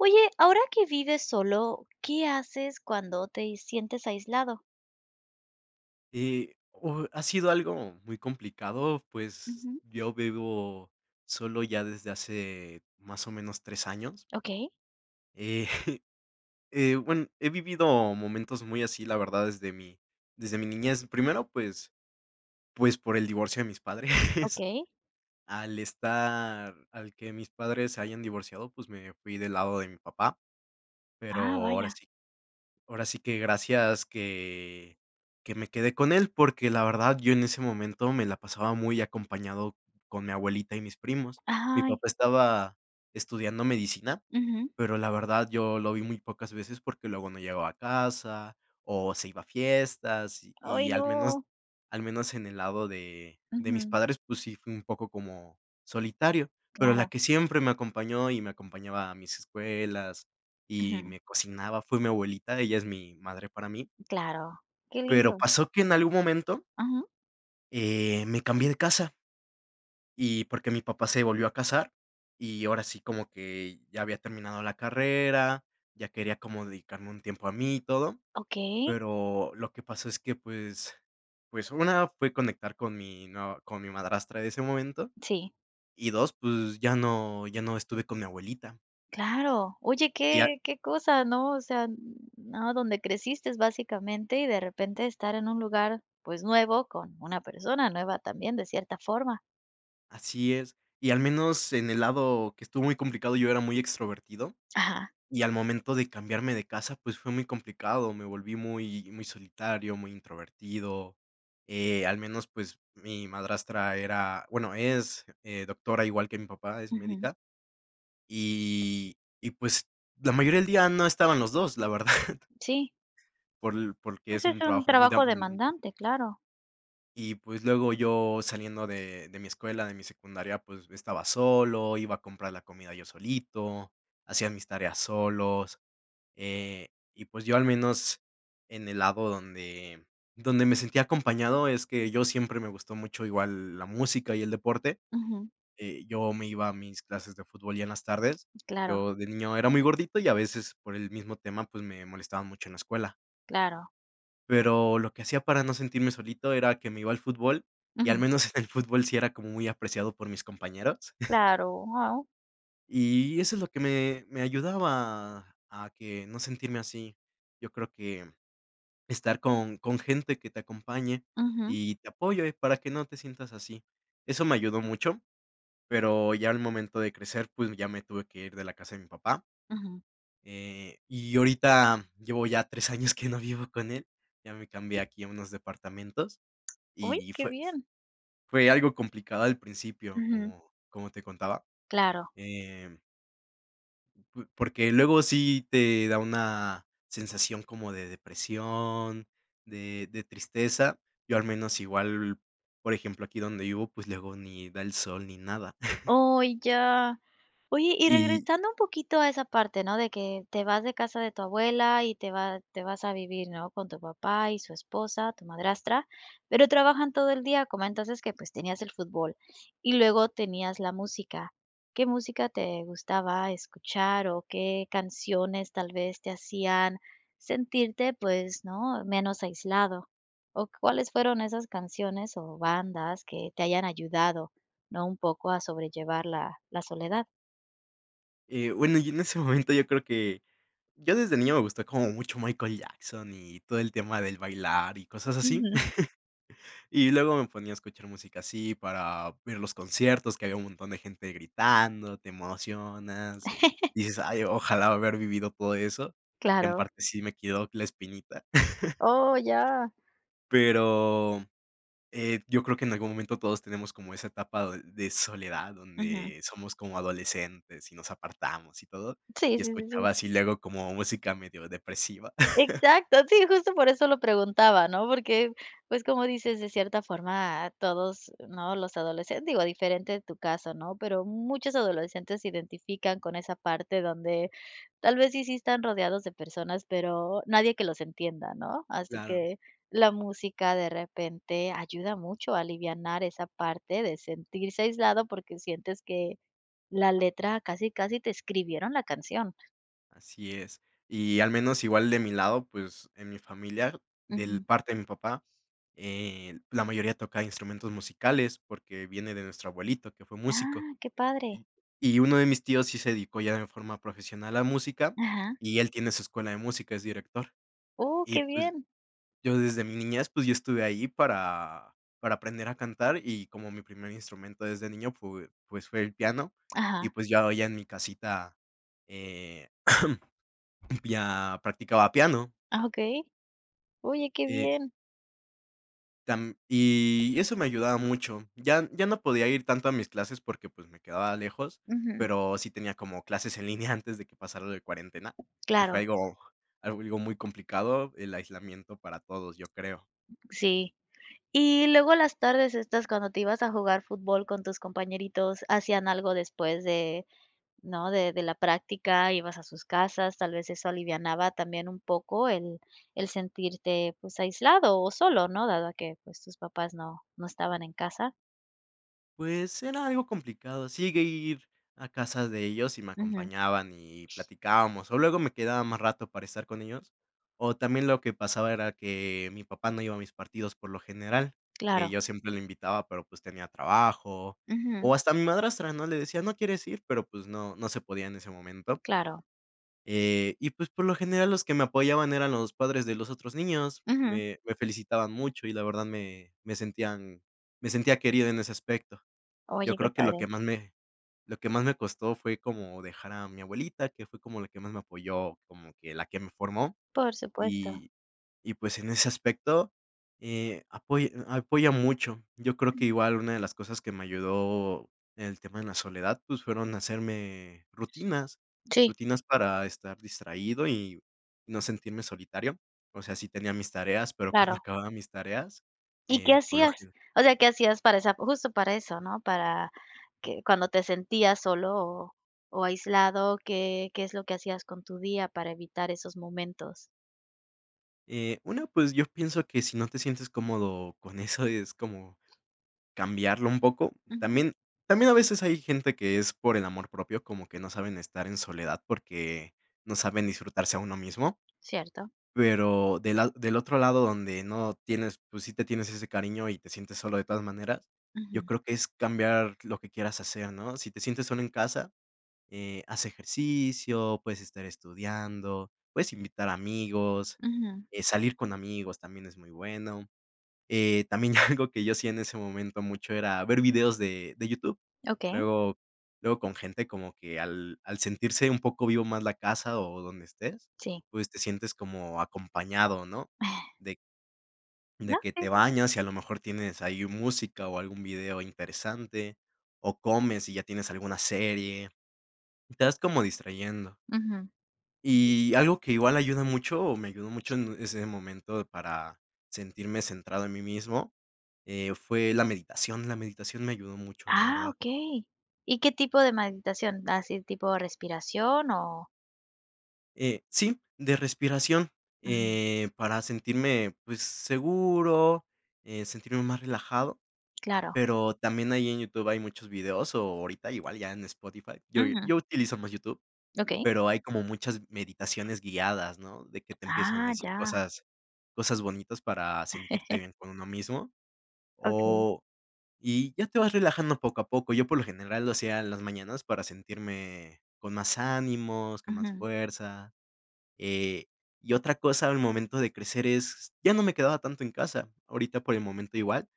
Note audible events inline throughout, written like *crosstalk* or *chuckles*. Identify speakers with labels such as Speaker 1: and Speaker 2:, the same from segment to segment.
Speaker 1: Oye, ahora que vives solo, ¿qué haces cuando te i sientes aislado?
Speaker 2: Eh, oh, ha sido algo muy complicado, pues,
Speaker 1: Ujú.
Speaker 2: yo vivo solo ya desde hace, más o menos, 3 años.
Speaker 1: Okey.
Speaker 2: Eh *chuckles* eh, bueno, he vivido momentos muy así, la verdad, desde mi desde mi niñez, primero, pues pues por el divorcio de mis padres.
Speaker 1: Okey.
Speaker 2: Al estar al que mis padres se hayan divorciado, pues, me fui del lado de mi papá, pero
Speaker 1: Ah,
Speaker 2: ahora
Speaker 1: vaya.
Speaker 2: sí ahora sí que gracias que que me quedé con él, porque la verdad yo en ese momento me la pasaba muy acompañado con mi abuelita y mis primos, mi
Speaker 1: Ay.
Speaker 2: papá estaba estudiando medicina,
Speaker 1: Ujú.
Speaker 2: pero, la verdad, yo lo vi muy pocas veces, porque luego no llegaba a casa, o se iba a fiestas, y
Speaker 1: ¡Ay,
Speaker 2: y al menos
Speaker 1: no!
Speaker 2: al menos en el lado de de mis
Speaker 1: Ujú.
Speaker 2: padres, pues sí, fue un poco como solitario, pero la
Speaker 1: Claro.
Speaker 2: que siempre me acompañó y me acompañaba a mis escuelas y
Speaker 1: Ujú.
Speaker 2: me cocinaba, fue mi abuelita, ella es mi madre para mí.
Speaker 1: Claro. Qué
Speaker 2: Pero,
Speaker 1: lindo.
Speaker 2: pasó que en algún momento
Speaker 1: Ujú.
Speaker 2: eh, me cambié de casa y porque mi papá se volvió a casar, y ahora sí como que ya había terminado la carrera, ya quería como dedicarme un tiempo a mí y todo,
Speaker 1: Okey.
Speaker 2: pero lo que pasó es que, pues pues, 1 fue conectar con mi nueva con mi madrastra de ese momento,
Speaker 1: Sí.
Speaker 2: y 2, pues, ya no ya no estuve con mi abuelita.
Speaker 1: Claro, oye,
Speaker 2: Y a
Speaker 1: qué qué cosa, ¿no?, o sea, n no, donde creciste básicamente, y de repente estar en un lugar, pues, nuevo con una persona nueva también de cierta forma.
Speaker 2: Así es, y al menos en el lado que estuvo muy complicado, yo era muy extrovertido,
Speaker 1: Ajá.
Speaker 2: y al momento de cambiarme de casa, pues, fue muy complicado, me volví muy, muy solitario, muy introvertido, eh, al menos, pues, mi madrastra era, bueno, es, eh, doctora igual que mi papá, es
Speaker 1: Ujú.
Speaker 2: médica y y, pues, la mayoría del día no estaban los 2, la verdad.
Speaker 1: Sí.
Speaker 2: Por l porque
Speaker 1: Pues,
Speaker 2: es
Speaker 1: es
Speaker 2: un
Speaker 1: un
Speaker 2: trabajo muy
Speaker 1: trabajo
Speaker 2: demandante.
Speaker 1: demandante, claro.
Speaker 2: Y pues, luego yo saliendo de de mi escuela, de mi secundaria, pues, estaba solo, iba a comprar la comida yo solito, hacía mis tareas solos, eh, y pues, yo al menos en el lado donde donde me sentía acompañado es, que yo siempre me gustó mucho igual la música, y el deporte,
Speaker 1: Ujú.
Speaker 2: eh, yo me iba a mis clases de fútbol ya en las tardes,
Speaker 1: Claro.
Speaker 2: yo de niño era muy gordito, y a veces por el mismo tema, pues, me molestaban mucho en la escuela.
Speaker 1: Claro.
Speaker 2: Pero lo que hacía para no sentirme solito era que me iba al fútbol, y al
Speaker 1: Ujú.
Speaker 2: menos en el fútbol sí era como muy apreciado por mis compañeros. *chuckles*
Speaker 1: Claro, wao.
Speaker 2: Y eso es lo que me me ayudaba a que no sentirme así. Yo creo que estar con con gente que te acompañe,
Speaker 1: Ujú.
Speaker 2: y te apoye para que no te sientas así. Eso me ayudó mucho, pero ya al momento de crecer, pues, ya me tuve que ir de la casa de mi papá.
Speaker 1: Ujú.
Speaker 2: Eh, y ahorita llevo ya 3 años que no vivo con él, ya me cambié aquí a unos departamentos,
Speaker 1: Uy,
Speaker 2: y
Speaker 1: qué
Speaker 2: fue f
Speaker 1: bien.
Speaker 2: fue algo complicado al principio,
Speaker 1: Ujú.
Speaker 2: como como te contaba,
Speaker 1: Claro.
Speaker 2: em p porque luego sí te da una sensación como de depresión, de de tristeza. Yo, al menos, igual, por ejemplo, aquí donde vivo, pues, luego ni da el sol ni nada. *chuckles*
Speaker 1: Oh, ya. Oye, y
Speaker 2: Y
Speaker 1: regresando un poquito a esa parte, ¿no? De que te vas de casa de tu abuela, y te va te vas a vivir, ¿no? Con tu papá y su esposa, tu madrastra, pero trabajan todo el día, comentas es que, pues, tenías el fútbol. Y luego tenías la música, ¿qué música te gustaba escuchar, o qué canciones tal vez te hacían sentirte, pues, no, menos aislado? ¿O cuáles fueron esas canciones, o bandas que te hayan ayudado, no, un poco a sobrellevar la la soledad?
Speaker 2: Eh, bueno, yo en ese momento, yo creo que yo desde niño me gustó como mucho Michael Jackson, y todo el tema del bailar y cosas así.
Speaker 1: Ujú.
Speaker 2: *chuckles* Y luego me ponía a escuchar música así para ver los conciertos, que había un montón de gente gritando, te emocionas,
Speaker 1: *chuckles*
Speaker 2: dices: "Ay, ojalá haber vivido todo eso", que en
Speaker 1: Claro.
Speaker 2: parte sí me quedó la espinita. *chuckles*
Speaker 1: Oh, ya.
Speaker 2: Pero, eh, yo creo que en algún momento todos tenemos como esa etapa de de soledad,
Speaker 1: Ujú.
Speaker 2: donde somos como adolescentes, y nos apartamos y todo.
Speaker 1: Sí,
Speaker 2: Y
Speaker 1: sí, sí, sí.
Speaker 2: escuchaba así luego como música medio depresiva. *chuckles*
Speaker 1: Exacto, sí, justo por eso lo preguntaba, ¿no? Porque, pues, como dices, de cierta forma todos, ¿no?, los adolescentes digo, diferente de tu caso, ¿no?, pero muchos adolescentes se identifican con esa parte donde, tal vez sí, sí están rodeados de personas, pero nadie que los entienda, ¿no? Así
Speaker 2: Claro.
Speaker 1: que la música de repente ayuda mucho a alivianar esa parte de sentirse aislado, porque sientes que la letra casi casi te escribieron la canción.
Speaker 2: Así es. Y al menos igual de mi lado, pues, en mi familia, del
Speaker 1: Ujú.
Speaker 2: parte de mi papá, eh, la mayoría tocaba instrumentos musicales, porque viene de nuestro abuelito, que fue músico.
Speaker 1: Ah, qué padre.
Speaker 2: Y y uno de mis tíos sí se dedicó ya en forma profesional a música,
Speaker 1: Ajá.
Speaker 2: y él tiene su escuela de música, es director.
Speaker 1: ¡Oh,
Speaker 2: Y
Speaker 1: qué
Speaker 2: pues,
Speaker 1: bien!
Speaker 2: yo desde mi niñez, pues, yo estuve ahí para para aprender a cantar, y como mi primer instrumento desde niño f pue pues fue el piano, y
Speaker 1: Ajá.
Speaker 2: pues, ya hoy en mi casita, eh, *coughs* ya practicaba piano.
Speaker 1: Ah, okey. Oye, qué
Speaker 2: Eh
Speaker 1: bien.
Speaker 2: Tam y, eso me ayudaba mucho. Ya ya no podía ir tanto a mis clases porque, pues, me quedaba lejos,
Speaker 1: Ujú.
Speaker 2: pero sí tenía como clases en línea antes de que pasara lo de cuarentena, que
Speaker 1: Claro.
Speaker 2: fue algo, algo muy complicado, el aislamiento para todos, yo creo.
Speaker 1: Sí. Y luego las tardes estas cuando te ibas a jugar fútbol con tus compañeritos, ¿hacían algo después de?, ¿no? De de la práctica, ¿ibas a sus casas? Tal vez eso alivianaba también un poco el el sentirte, pues, aislado, o solo, ¿no? Dado a que, pues, tus papás no no estaban en casa.
Speaker 2: Pues, era algo complicado. Sí llegué a ir, a casa de ellos y me
Speaker 1: Ujú.
Speaker 2: acompañaban, y platicábamos. O luego, me quedaba más rato, para estar con ellos. O también lo que pasaba, era que mi papá no iba a mis partidos por lo general. Que
Speaker 1: Claro.
Speaker 2: yo siempre lo invitaba, pero, pues, tenía trabajo.
Speaker 1: Ujú.
Speaker 2: O hasta a mi madrastra, ¿no? Le decía: "¿no quieres ir?". Pero, pues no, no se podía en ese momento.
Speaker 1: Claro.
Speaker 2: Eh, y, pues, por lo general, los que me apoyaban eran los padres de los otros niños,
Speaker 1: Ujú
Speaker 2: me me felicitaban mucho, y la verdad, me me sentían me sentía querido en ese aspecto. Yo
Speaker 1: Oye, qué
Speaker 2: creo que lo que
Speaker 1: padre.
Speaker 2: más me lo que más me costó, fue como dejar a mi abuelita, que fue como la que más me apoyó, como que la que me formó.
Speaker 1: Por supuesto.
Speaker 2: Y y pues, en ese aspecto, eh, apoy apoya mucho. Yo creo
Speaker 1: Mm.
Speaker 2: que igual, una de las cosas que me ayudó, en el tema de la soledad, pues, fueron hacerme rutinas.
Speaker 1: Sí.
Speaker 2: Rutinas para estar distraído y, no sentirme solitario. O sea, sí tenía mis tareas, pero cuando
Speaker 1: Claro.
Speaker 2: acababa mis tareas,
Speaker 1: ¿Y qué
Speaker 2: eh, por lo
Speaker 1: hacías?
Speaker 2: gene
Speaker 1: O sea, ¿qué hacías para esa? Justo, para eso, ¿no? Para que cuando te sentías solo o o aislado, ¿qué qué es lo que hacías con tu día, para evitar esos momentos?
Speaker 2: Eh, una, pues, yo pienso que si no te sientes cómodo con eso, es como cambiarlo un poco.
Speaker 1: Ujú.
Speaker 2: También, también a veces hay gente que es por el amor propio, como que no saben estar en soledad porque no saben disfrutarse a uno mismo.
Speaker 1: Cierto.
Speaker 2: Pero de lad del otro lado, donde no tienes pues, sí te tienes ese cariño y te sientes solo, de todas maneras. Yo
Speaker 1: Ujú.
Speaker 2: creo que es cambiar lo que quieras hacer, ¿no? Si te sientes solo en casa, eh, haz ejercicio, puedes estar estudiando, puedes invitar amigos.
Speaker 1: Ujú.
Speaker 2: Eh, salir con amigos también es muy bueno. Eh, también ya algo que yo hacía en ese momento mucho, era ver videos de de YouTube.
Speaker 1: Okey.
Speaker 2: Luego luego con gente como que al al sentirse un poco vivo más la casa, o donde estés,
Speaker 1: Sí.
Speaker 2: pues, te sientes como acompañado, ¿no?,
Speaker 1: *chuckles*
Speaker 2: de
Speaker 1: No,
Speaker 2: de que
Speaker 1: sí,
Speaker 2: te
Speaker 1: si.
Speaker 2: bañas, y a lo mejor tienes ahí música, o algún video interesante, o comes, y ya tienes alguna serie. Te vas como distrayendo.
Speaker 1: Ujú.
Speaker 2: Y algo que igual ayuda mucho, o me ayudó mucho en ese momento para sentirme centrado en mí mismo, eh, fue la meditación. La meditación me ayudó mucho, la
Speaker 1: Ah,
Speaker 2: verdad.
Speaker 1: okey ¿Y qué tipo de meditación? ¿Así tipo respiración o?
Speaker 2: Eh, sí, de respiración,
Speaker 1: Ajá.
Speaker 2: eh, para sentirme, pues seguro, eh, sentirme más relajado,
Speaker 1: Claro.
Speaker 2: pero también ahí en YouTube hay muchos videos, o ahorita, igual ya en Spotify, yo
Speaker 1: Ujú.
Speaker 2: yo utilizo más YouTube,
Speaker 1: Okey.
Speaker 2: pero hay como muchas meditaciones guiadas, ¿no?, de que te empiezan a
Speaker 1: ¡Ah,
Speaker 2: decir
Speaker 1: ya!
Speaker 2: cosas cosas bonitas para sentirte
Speaker 1: *chuckles*
Speaker 2: bien con uno mismo,
Speaker 1: Okey.
Speaker 2: o, y ya te vas relajando poco a poco. Yo por lo general lo hacía en las mañanas para sentirme con más ánimos, con más
Speaker 1: Ujú.
Speaker 2: fuerza. Eh, y otra cosa al momento de crecer es, ya no me quedaba tanto en casa. Ahorita por el momento igual,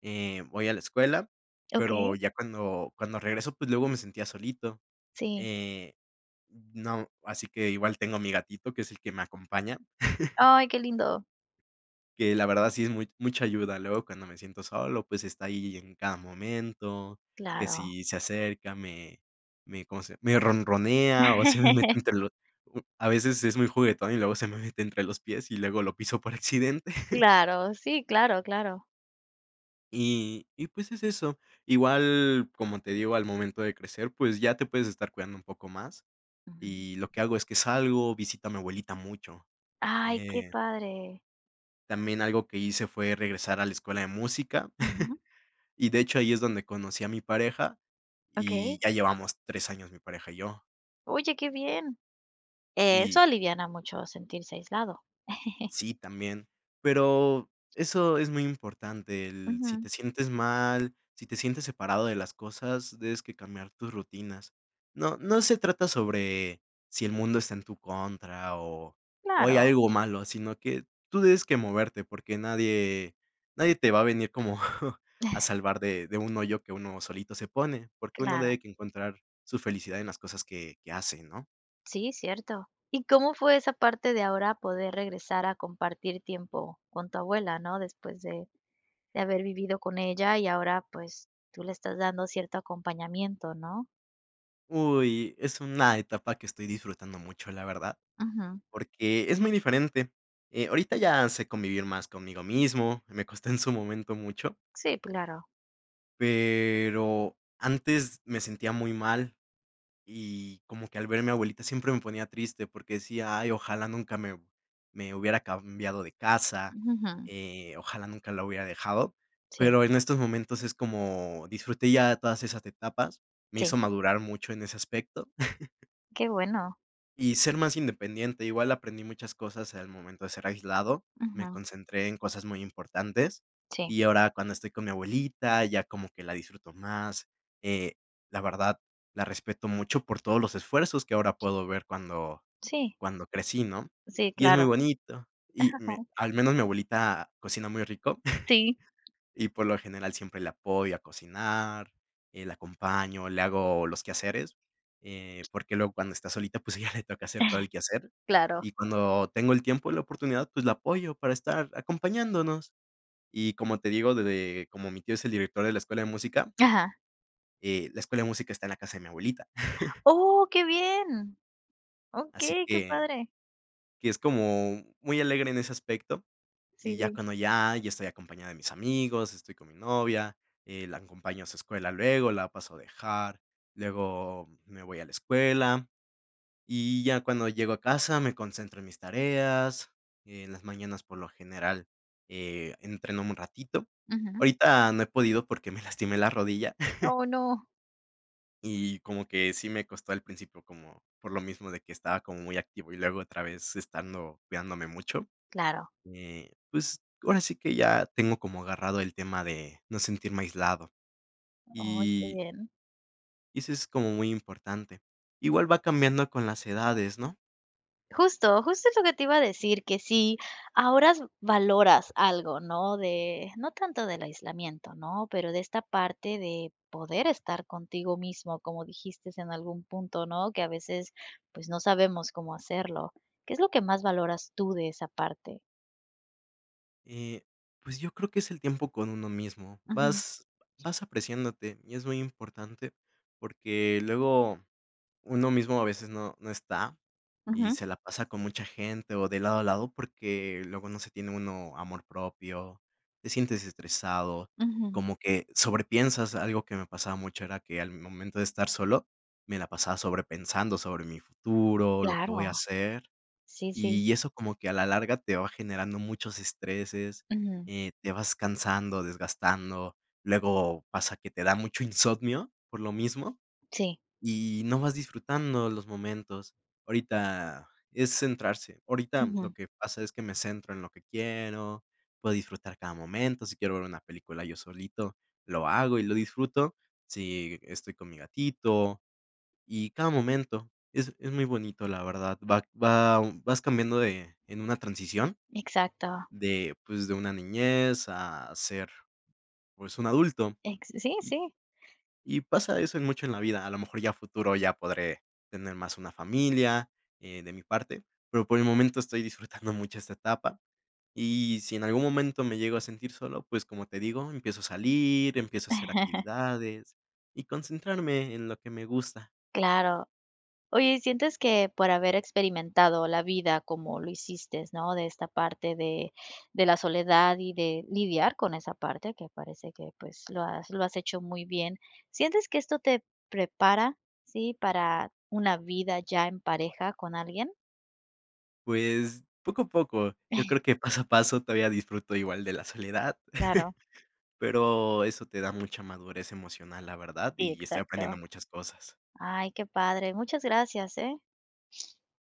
Speaker 2: eh, voy a la escuela, pero
Speaker 1: Okey.
Speaker 2: ya cuando cuando regreso, pues, luego me sentía solito,
Speaker 1: Sí.
Speaker 2: eh, mm, no, así que igual tengo mi gatito, que es el que me acompaña. *chuckles*
Speaker 1: ¡Ay!, qué lindo.
Speaker 2: Que la verdad sí es mu mucha ayuda. Luego cuando me siento solo, pues está ahí en cada momento, que
Speaker 1: Claro.
Speaker 2: si se acerca, me me, ¿cómo se?, me ronronea o se me mete
Speaker 1: *laughs*
Speaker 2: entre los uh, a veces es muy juguetón y luego se me mete entre los pies y luego lo piso por accidente. *chuckles*
Speaker 1: Claro, sí, claro, claro.
Speaker 2: Y y, pues, es eso. Igual, como te digo, al momento de crecer, pues, ya te puedes estar cuidando un poco más,
Speaker 1: Ujú.
Speaker 2: y lo que hago es que salgo, visito a mi abuelita mucho.
Speaker 1: ¡Ay!, qué
Speaker 2: Eh
Speaker 1: padre.
Speaker 2: También algo que hice fue regresar a la escuela de música.
Speaker 1: Ajá.
Speaker 2: *chuckles* Y de hecho, ahí es donde conocí a mi pareja,
Speaker 1: Okey.
Speaker 2: y ya llevamos 3 años mi pareja y yo.
Speaker 1: Oye qué bien. Eso
Speaker 2: Y
Speaker 1: aliviana mucho sentirse aislado. *chuckles*
Speaker 2: Sí, también. Pero, eso es muy importante, el si
Speaker 1: Ujú.
Speaker 2: te sientes mal, si te sientes separado de las cosas, debes que cambiar tus rutinas. No no se trata sobre si el mundo está en tu contra o o hay
Speaker 1: Claro.
Speaker 2: algo malo, sino que tú debes que moverte, porque nadie nadie te va a venir como a
Speaker 1: *chuckles*
Speaker 2: salvar de de un hoyo que uno solito se pone, porque uno
Speaker 1: Claro
Speaker 2: debe que encontrar su felicidad en las cosas que que hace, ¿no?
Speaker 1: Sí, cierto ¿Y cómo fue esa parte de ahora poder regresar a compartir tiempo con tu abuela, no? Después de de haber vivido con ella y ahora pues, tú le estás dando cierto acompañamiento, ¿no?
Speaker 2: Uy, es una etapa que estoy disfrutando mucho, la verdad,
Speaker 1: Ujú.
Speaker 2: porque es muy diferente. Eh, ahorita ya sé convivir más conmigo mismo, me costó en su momento mucho.
Speaker 1: Sí, claro.
Speaker 2: Pero, antes me sentía muy mal, y como que al ver mi abuelita siempre me ponía triste, porque decía: "Ay, ojalá nunca me me hubiera cambiado de casa",
Speaker 1: Ujú, jum.
Speaker 2: eh, ojalá nunca la hubiera dejado,
Speaker 1: Sí.
Speaker 2: pero en estos momentos es como, disfruté ya todas esas etapas, me hizo
Speaker 1: Sí.
Speaker 2: madurar mucho en ese aspecto. *chuckles*
Speaker 1: Qué bueno.
Speaker 2: Y ser más independiente, igual aprendí muchas cosas al momento de ser aislado, me
Speaker 1: Ujú.
Speaker 2: concentré en cosas muy importantes,
Speaker 1: Sí.
Speaker 2: y ahora cuando estoy con mi abuelita, ya como que la disfruto más, eh, la verdad, la respeto mucho por todos los esfuerzos que ahora puedo ver cuando
Speaker 1: Sí.
Speaker 2: cuando crecí, ¿no?,
Speaker 1: Sí,
Speaker 2: y es muy
Speaker 1: claro.
Speaker 2: bonito, y me
Speaker 1: *unintelligible*
Speaker 2: al menos mi abuelita cocina muy rico,
Speaker 1: Sí.
Speaker 2: *chuckles* y por lo general, siempre le apoyo a cocinar, eh, la acompaño, le hago los quehaceres, eh, porque luego cuando está solita, pues a ella le toca hacer todo el
Speaker 1: *chuckles*
Speaker 2: quehacer,
Speaker 1: Claro.
Speaker 2: y cuando tengo el tiempo, la oportunidad, pues la apoyo para estar acompañándonos, y, como te digo, de de como mi tío es el director de la escuela de música
Speaker 1: Ajá.
Speaker 2: eh, la escuela de música está en la casa de mi abuelita. *chuckles*
Speaker 1: ¡Oh!, qué bien.
Speaker 2: Así
Speaker 1: Okey, qué
Speaker 2: que
Speaker 1: padre.
Speaker 2: que es como muy alegre en ese aspecto, y
Speaker 1: Sí,
Speaker 2: ya
Speaker 1: sí.
Speaker 2: cuando ya ya estoy acompañado de mis amigos, estoy con mi novia, eh, la acompaño a su escuela luego, la paso a dejar, luego me voy a la escuela, y ya cuando llego a casa me concentro en mis tareas, en las mañanas, por lo general, eh, entreno un ratito,
Speaker 1: Ujú.
Speaker 2: ahorita no he podido porque me lastimé la rodilla. *chuckles*
Speaker 1: ¡Oh, no!
Speaker 2: Y como que si me costó al principio como por lo mismo de que estaba como muy activo y luego otra vez estando cuidándome mucho,
Speaker 1: Claro.
Speaker 2: eh, pues, ahora sí que ya tengo como agarrado el tema de no sentirme aislado.
Speaker 1: Ay qué
Speaker 2: Y
Speaker 1: bien.
Speaker 2: y eso es como muy importante. Igual va cambiando con las edades, ¿no?
Speaker 1: Justo justo es lo que te iba a decir, que si ahora s valoras algo, ¿no?, de no tanto del aislamiento, ¿no', pero de esta parte de poder estar contigo mismo como dijiste en algún punto, ¿no?, que a veces, pues no sabemos cómo hacerlo. ¿Qué es lo que más valoras tú de esa parte?
Speaker 2: Eh, pues yo creo que es el tiempo con uno mismo.
Speaker 1: Ujú.
Speaker 2: Vas vas apreciándote, y es muy importante, porque luego uno mismo a veces no no está y
Speaker 1: Ujú.
Speaker 2: se la pasa con mucha gente o de lado a lado, porque luego no se tiene uno amor propio, te sientes estresado,
Speaker 1: Ujú.
Speaker 2: como que sobrepiensas algo que me pasaba mucho era que al momento de estar solo, me la pasaba sobrepensando sobre mi futuro, lo que voy
Speaker 1: Claro.
Speaker 2: a hacer.
Speaker 1: Sí, sí.
Speaker 2: Y eso como que a la larga te va generando muchos estreses,
Speaker 1: Ujú.
Speaker 2: eh, te vas cansando, desgastando, luego pasa que te da mucho insomnio por lo mismo
Speaker 1: Sí.
Speaker 2: y no vas disfrutando los momentos. Ahorita es centrarse ahorita lo
Speaker 1: Ujú.
Speaker 2: que pasa es que me centro en lo que quiero, puedo disfrutar cada momento, si quiero ver una película yo solito, lo hago y lo disfruto, si estoy con mi gatito y cada momento es es muy bonito, la verdad, va va vas cambiando de en una transición,
Speaker 1: Exacto.
Speaker 2: de pues, de una niñez a ser, pues un adulto.
Speaker 1: Ex sí,
Speaker 2: Y
Speaker 1: sí.
Speaker 2: y pasa eso en mucho en la vida, a lo mejor ya a futuro ya podré tener más una familia eh de mi parte, pero por el momento estoy disfrutando mucho esta etapa. Y si en algún momento me llego a sentir solo, pues, como te digo, empiezo a salir, empiezo a hacer
Speaker 1: *chuckles*
Speaker 2: actividades y concentrarme en lo que me gusta.
Speaker 1: Claro. Oye, y sientes que por haber experimentado la vida como lo hiciste, ¿no?, de esta parte de de la soledad y de lidiar con esa parte que parece que pues lo has lo has hecho muy bien. ¿Sientes que esto tep prepara? ¿sí? ¿para una vida ya en pareja con alguien?
Speaker 2: Pues, poco a poco. Yo
Speaker 1: *chuckles*
Speaker 2: creo que paso a paso todavía disfruto igual de la soledad.
Speaker 1: Claro.
Speaker 2: *chuckles* Pero eso te da mucha madurez emocional, la verdad,
Speaker 1: Sí,
Speaker 2: y estoy aprendiendo
Speaker 1: exacto.
Speaker 2: muchas cosas.
Speaker 1: Ay, qué padre, muchas gracias, eh.